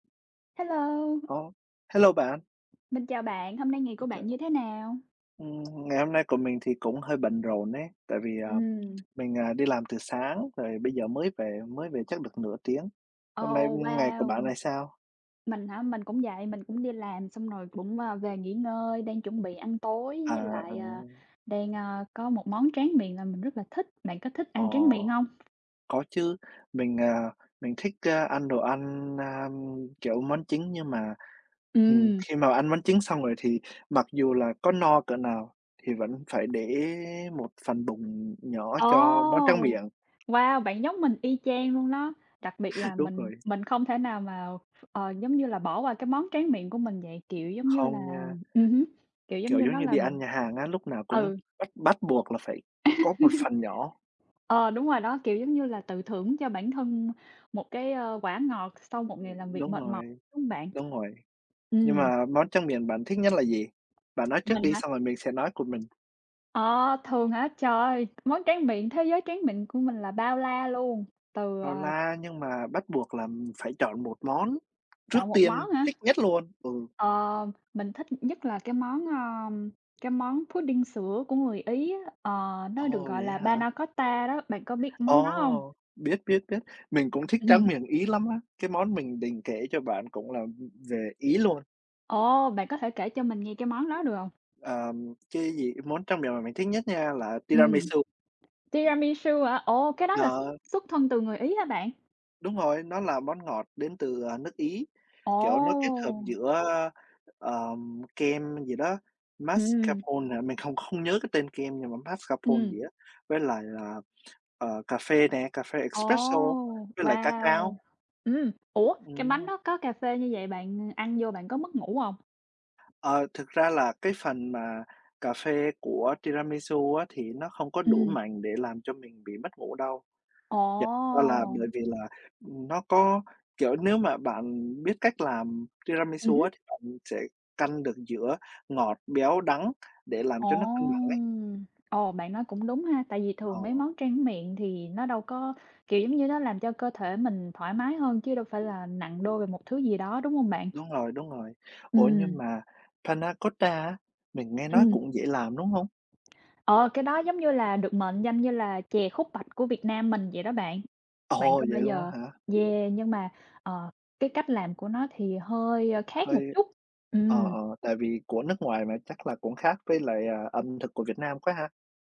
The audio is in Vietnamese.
Hello! Ồ! Hello bạn! Mình chào bạn, hôm nay ngày của [unintelligible] bạn Chào. như thế nào? Ừm, ngày hôm nay của mình thì cũng hơi bận rộn ấy, tại vì, à, Ừm. mình, à, đi làm từ sáng rồi bây giờ mới về, mới về chắc được nửa tiếng. Hôm nay, Ồ, ưm, ngày của bạn wow! này sao? Mình hả? Mình cũng vậy, mình cũng đi làm xong rồi cũng, ờ, về nghỉ ngơi, đang chuẩn bị ăn tối, À, với à. lại, ờ, đang, a, có một món tráng miệng làm mình rất là thích. Bạn có thích ăn tráng Ồ, miệng hông? có chứ, mình, à, mình thích, a, ăn đồ ăn, a, kiểu, món chính, nhưng mà, ừm, Ừm. khi mà ăn món chính xong rồi thì mặc dù là có no cỡ nào thì vẫn phải để một phần bụng nhỏ Ồ! cho món tráng miệng. Wow! Bạn giống mình y chang luôn đó, đặc biệt là Đúng mình rồi. mình không thể nào mà ph ờ, giống như là, bỏ qua cái món tráng miệng của mình vậy. Kiểu giống như là Không nha. ừm hứm, kiểu, giống Kiểu, như giống nó như là đi một ăn nhà hàng á, lúc nào cũng ừ. bắt bắt buộc là phải có một phần nhỏ. Ờ, đúng rồi đó. Kiểu, giống như là tự thưởng cho bản thân một cái, ờ, quả ngọt sau một ngày làm Ừm, việc đúng mệt mỏi, rồi, đúng hông bạn? đúng rồi. Nhưng Ừm. mà món tráng miệng bạn thích nhất là gì? Bạn nói trước Mình đi, hả? xong rồi mình sẽ nói của mình. Ờ, thường hả? Trời ơi! Món tráng miệng thế giới tráng mịn của mình là bao la luôn, từ, Bao à la nhưng mà bắt buộc là mình phải chọn một món Chọn trước một tiên món hả? thích nhất luôn, ừ. Ờ, mình thích nhất là cái món, ờ, cái món pudding sữa của người Ý á, ờ, nó được Ồ, gọi vậy là á panna hả? cotta đó, bạn có biết món đó hông? Ồ, biết, biết, biết. Mình cũng thích tráng Ừm. miệng Ý lắm á! Cái món mình định kể cho bạn cũng là, ừm, về Ý luôn. Ồ! Bạn có thể kể cho mình nghe cái món đó được hông? Ờm, cái gì? Món tráng miệng mà mình thích nhất nha là Ừm. tiramisu. Tiramisu hả? Ồ! Cái đó là xuất Ờ. xuất thân từ người Ý hả bạn? Đúng rồi. Nó là món ngọt đến từ, ờ, nước Ý. Kiểu, nó kết hợp Ồ! giữa, ơ, ờ, kem gì đó, Ừm. mascarpone hả? Mình không không nhớ cái tên kem, nhưng mà mascarpone Ừm. gì á, với lại là, ờ, cà phê nè, cà phê Ồ, espresso, với lại ca wow! cao. Ừm, ủa, cái bánh Ừm. đó có cà phê như vậy bạn ăn vô bạn có mất ngủ hông? Ờ, thực ra là cái phần mà cà phê của tiramisu á thì nó không có đủ Ừm. mạnh để làm cho mình bị mất ngủ đâu. Thiệt ra là bởi Ồ! vì là, ừm, nó có kiểu, nếu mà bạn biết cách làm Ừm tiramisu hứm. á, thì bạn sẽ căn được giữa ngọt, béo, đắng, để làm Ồ! cho nó cân bẳng ấy. Ồ, bạn nói cũng đúng ha. Tại vì Ờ. thường mấy món trang miệng thì nó đâu có, kiểu giống như, nó làm cho cơ thể mình thoải mái hơn, chứ đâu phải là nặng đô về một thứ gì đó, đúng hông bạn? Đúng rồi, đúng rồi. Ủa, nhưng Ừm. mà panna cotta á mình nghe nói Ừm. cũng dễ làm, đúng hông? Ờ, cái đó giống như là được mệnh danh như là chè khúc bạch của Việt Nam mình vậy đó bạn. Bạn Ồ! có Vậy bao luôn á giờ hả? yeah, nhưng mà, ờ, cái cách làm của nó thì hơi, a, khác một Hơi chút. ờ, Ừm. ờ, tại vì của nước ngoài mà, chắc là cũng khác với lại, ờ, ẩm thực của Việt Nam quá ha.